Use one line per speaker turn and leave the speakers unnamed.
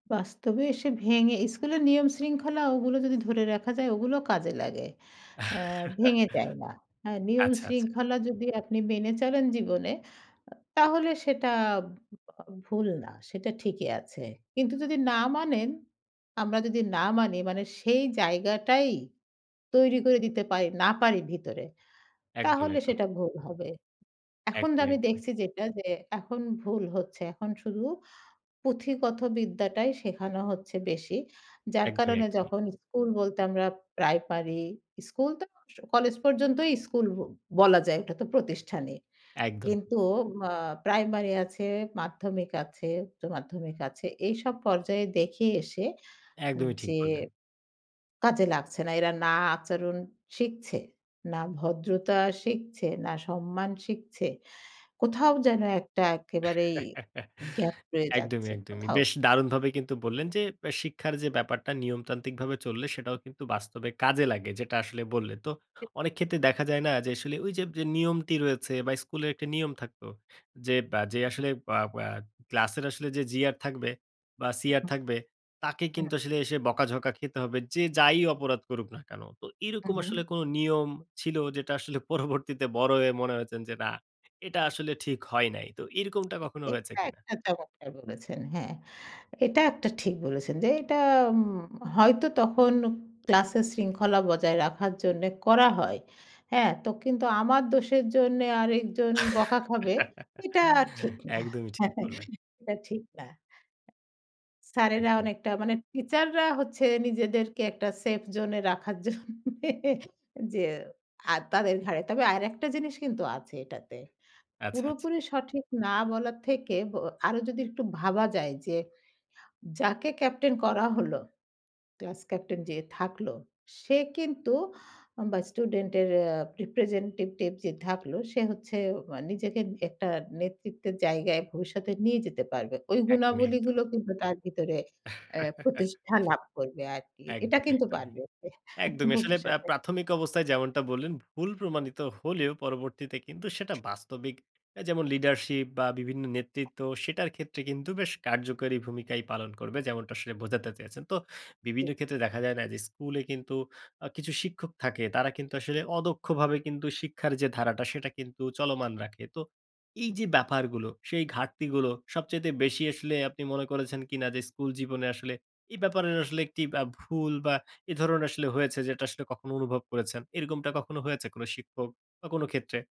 বাস্তবে এসে ভেঙে স্কুলের নিয়মশৃঙ্খলা ওগুলো যদি ধরে রাখা যায়, ওগুলো কাজে লাগে অ্যা ভেঙে যায় না। হ্যাঁ, নিয়ম
আচ্ছা, আচ্ছা।
শৃঙ্খলা যদি আপনি মেনে চলেন জীবনে, আ তাহলে সেটা ভু আ ভুল না, সেটা ঠিকই আছে। কিন্তু যদি না মানেন, আমরা যদি না মানি, মানে সেই জায়গাটাই তৈরি করে দিতে পারি না পারি ভিতরে,
একদম,
তাহলে
একদম।
সেটা ভুল হবে। এখন তো
একদম,
আমি
একদম, এক
দেখছি যেটা যে এখন ভুল হচ্ছে। এখন শুধু পুঁথিগত বিদ্যাটাই শেখানো হচ্ছে বেশি। যার
একদমই,
কারণে
একদমই।
যখন স্কুল বলতে আমরা প্রাইমারি স্কুল তো অবস কলেজ পর্যন্তই স্কুল ব বলা যায়। ওটা তো প্রতিষ্ঠানই।
একদমই।
কিন্তু মা প্রাইমারি আছে, মাধ্যমিক আছে, উচ্চ মাধ্যমিক আছে, এইসব পর্যায়ে দেখে এসে এন
একদমই ঠিক
যে
বললেন।
কাজে লাগছে না। এরা না আচরণ শিখছে, না ভদ্রতা শিখছে, না সম্মান শিখছে। কোথাও যেন একটা একেবারেই gap রয়ে
একদমই,
যাচ্ছে,
একদমই।
কোথাও।
বেশ দারুণভাবেই কিন্তু বললেন যে, ব্যা শিক্ষার যে ব্যাপারটা নিয়মতান্ত্রিকভাবে চললে, সেটাও কিন্তু বাস্তবে কাজে লাগে। যেটা আসলে বললেন। তো
এ
অনেক ক্ষেত্রে দেখা যায় না যে, আসলে ঐযে বে যে নিয়মটি রয়েছে বা, স্কুলের একটা নিয়ম থাকতো। যে বা, যে আসলে বা বা ক্লাসের আসলে যে GR থাকবে বা,
হ্যাঁ,
CR
হ্যাঁ।
থাকবে, তাকে
হু, হু।
কিন্তু আসলে এসে বকাঝকা খেতে হবে। যে যাই অপরাধ করুক না কেন। তো
হু,
এরকম
হু।
আসলে কোন নিয়ম ছিল যেটা আসলে পরবর্তীতে বড় হয়ে মনে হয়েছে যে না, এটা আসলে ঠিক হয় নাই? তো এরকমটা কখনো হয়েছে
এটা
কিনা?
একটা চমৎকার বলেছেন, হ্যাঁ। এটা একটা ঠিক বলেছেন যে এটা উম হয়তো তখন ক্লাসের শৃঙ্খলা বজায় রাখার জন্যে করা হয়। হ্যাঁ? তো কিন্তু আমার দোষের জন্যে আরেকজন বকা খাবে, এটা ঠিক না
একদমই ঠিক বললেন।
এটা ঠিক না। স্যারেরা
একদমই।
অনেকটা মানে টিচাররা হচ্ছে নিজেদেরকে একটা safe zone এ রাখার জন্যে যে আ তাদের ঘাড়ে তবে আরেকটা জিনিস কিন্তু আছে এটাতে।
আচ্ছা, আচ্ছা।
পুরোপুরি সঠিক না বলার থেকে ব আরো যদি একটু ভাবা যায় যে, যাকে ক্যাপ্টেন করা হল, ক্লাস ক্যাপ্টেন যে থাকল, সে কিন্তু আম বা স্টুডেন্টের য়া representative যে থাকলো, সে হচ্ছে অয়া নিজেকে এ একটা নেতৃত্বের জায়গায় ভবিষ্যতে নিয়ে যেতে পারবে। ওই
একদমই,
গুণাবলীগুলো
একদম।
কিন্তু তার ভিতরে অ্যা প্রতিষ্ঠা লাভ করবে আরকি। এটা
একদমই,
কিন্তু
একদমই।
পারবে তে
একদমই। আসলে আ
ভবিষ্যতে।
প্রাথমিক অবস্থায় যেমনটা বললেন, ভুল প্রমাণিত হলেও পরবর্তীতে কিন্তু সেটা বাস্তবিক অ্যা যেমন leadership বা, বিভিন্ন নেতৃত্ব, সেটার ক্ষেত্রে কিন্তু বেশ কার্যকরী ভূমিকাই পালন করবে। যেমনটা আসলে বোঝাতে চেয়েছেন। তো বিভিন্ন
ঠিক।
ক্ষেত্রে দেখা যায় না যে, স্কুলে কিন্তু আ কিছু শিক্ষক থাকে। তারা কিন্তু আসলে অদক্ষভাবে কিন্তু শিক্ষার যে ধারাটা সেটা কিন্তু চলমান রাখে। তো
হু,
এইযে
হু।
ব্যাপারগুলো সেই ঘাটতিগুলো সবচাইতে বেশি আসলে আপনি মনে করেছেন কিনা যে স্কুল জীবনে আসলে এই ব্যাপারের আসলে একটি ব্যা ভুল বা, এই ধরণের আসলে হয়েছে যেটা আসলে কখনো অনুভব করেছেন? এরকমটা কখনো হয়েছে কোন শিক্ষক বা কোন ক্ষেত্রে?